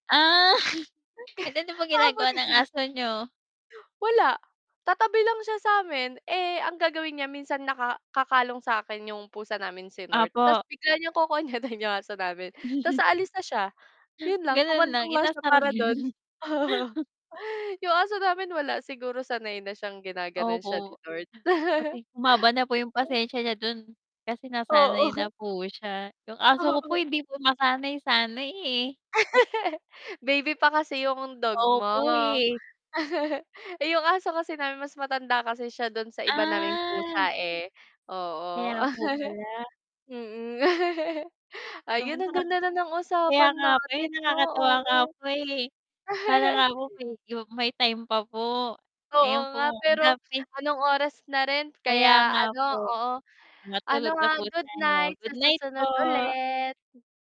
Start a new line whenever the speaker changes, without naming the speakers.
Ah, an ano bang
Ah,
ginagawa
buti
ng
na nga.
aso niyo?
Wala, tatabi lang siya sa'min, eh, ang gagawin niya minsan, naka kakalong sa'kin yung pusa namin, si North, tas
Opo.
bigla niyang kokonyatin yung aso namin, tas aalis na siya. 'Yon lang,
Gano'n lang,
kumandong lang siya
inasar
para do'n.
'yon.
Yung aso namin wala, siguro, sanay na siyang ginagano'n siya ni
Opo,
North.
pati humaba na po yung
[unintelligible]
pasensya niya do'n, kasi nasanay na
Oo.
po siya. Yung aso ko po
Oo.
hindi po masanay-sanay, eh.
Baby pa kasi yung dog mo.
Opo, eh.
Eh, yung aso kasi namin mas matanda kasi siya do'n sa iba naming
Ah.
pusa, eh. Oo,
Kaya po pala.
Mm.
'Yon,
Ayun, ang
na,
ganda na ng
kaya
usapan
nga po, eh,
natin, 'no?
nakakatuwa nga
Oo.
po, eh, sana nga po medyo may time pa po,
Oo
ayun po
nga, pero,
[unintelligible]
anong oras na rin,
Kaya
kaya
nga
ano,
po.
oo, ano,
Matulog na
ha,
po
good night,
tayo,
sa
goodnight po.
susunod ulit.